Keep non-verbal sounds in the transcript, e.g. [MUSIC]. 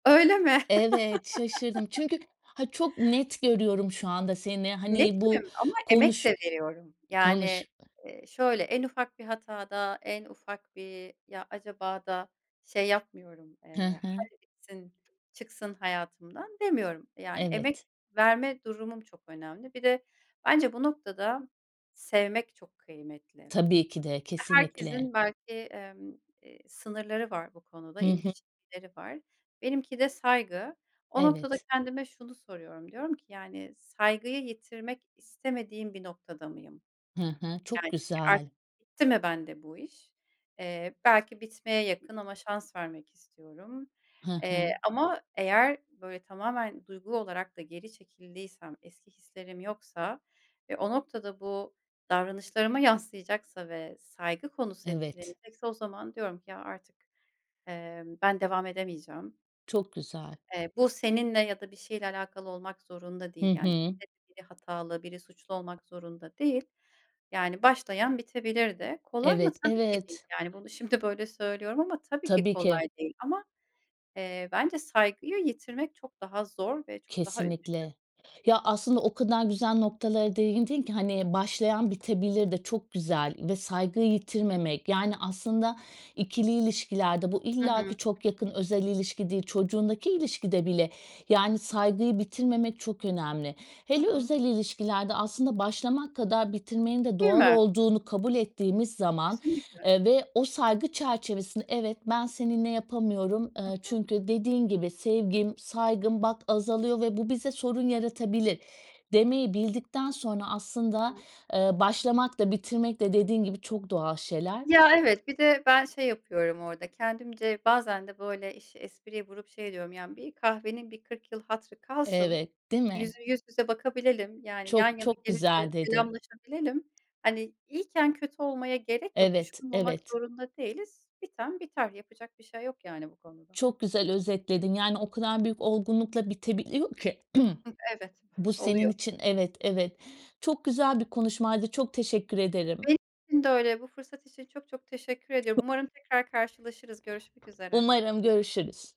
Öyle mi? Evet şaşırdım. [LAUGHS] Çünkü, ha çok net görüyorum şu anda seni, hani, bu Netim, ama emek konuş de veriyorum. Yani, konuş eee, şöyle, en ufak bir hatada, en ufak bir ya acaba da şey yapmıyorum, He eee, he. hadi bitsin, çıksın hayatımdan demiyorum, yani, emek Evet. verme durumum çok önemli, bir de, bence bu noktada, sevmek çok kıymetli, Tabii ki de kesinlikle. herkesin belki, emm, eee, sınırları var bu konuda, Hı ince hı. çizgileri var. Benimki de saygı. O noktada Evet. kendime şunu soruyorum, diyorum ki: Yani, saygıyı yitirmek istemediğim bir noktada mıyım? He he. Çok Yani, çünkü, güzel. artık bitti mi, bende bu iş? Eee, belki bitmeye yakın, ama şans vermek istiyorum, He eee, he. ama eğer böyle tamamen, duygu olarak da geri çekildiysem, eski hislerim yoksa, ve o noktada, bu, davranışlarıma yansıyacaksa, ve saygı konusu Evet. etkilenecekse, o zaman diyorum ki: Ya artık, eee, ben devam edemeyeceğim. Çok güzel. Eee, bu seninle, ya da, bir şeyle alakalı olmak zorunda Hı değil yani. hı. [UNINTELLIGIBLE] biri hatalı, biri suçlu, olmak zorunda değil. Yani, başlayan bitebilirde. Kolay mı? Evet, Tabii ki değil, evet. yani, bunu, şimdi, böyle söylüyorum ama, tabii ki Tabii ki. kolay değil, ama, eee, bence saygıyı yitirmek çok daha zor ve çok daha üzücü. Kesinlikle. Ya, aslında, o kadar güzel noktalara değindin ki, hani, başlayan bitebilir de, çok güzel, ve saygıyı yitirmemek yani aslında, ikili ilişkilerde, bu Hı illa hı. ki ,çok yakın, özel ilişki değil. Çocuğundaki ilişkide bile, yani, saygıyı bitirmemek çok önemli. Hı Hele hı. özel ilişkilerde, aslında başlamak kadar bitirmenin de Değil doğal mi? olduğunu kabul ettiğimiz zaman, Kesinlikle. eee, ve o saygı çerçevesinde, "Evet ben seninle yapamıyorum." Hı Eee, hı. çünkü, dediğin gibi,"Sevgim, saygım bak azalıyor ve bu bize sorun yaratabilir." demeyi bildikten sonra Hı aslında, hı. eee, başlamak da, bitirmek de, dediğin gibi çok doğal şeyler. Ya, evet, bir de, ben şey yapıyorum orada, kendimce, bazen de böyle, işi espriye vurup, şey ediyorum yani, bir kahvenin bir kırk yıl hatırı kalsın. Evet, değil mi? Yüz yüz yüze bakabilelim, yani, yan Çok, yana çok gelince, güzel dedin. selamlaşabilelim. Hani, iyiyken, kötü olmaya gerek yok, Evet, düşman olmak evet. zorunda değiliz. Biten biter, yapacak bir şey yok, yani bu konuda. Çok güzel özetledin, yani, o kadar büyük olgunlukla bitebiliyor ki, [CLEARS THROAT] Hıh. Evet bu senin oluyor. için evet, evet, çok güzel bir konuşmaydı, çok teşekkür ederim Benim için de öyle, bu fırsat için çok, çok, teşekkür ediyorum. [UNINTELLIGIBLE] Umarım tekrar karşılaşırız, görüşmek üzere. Umarım görüşürüz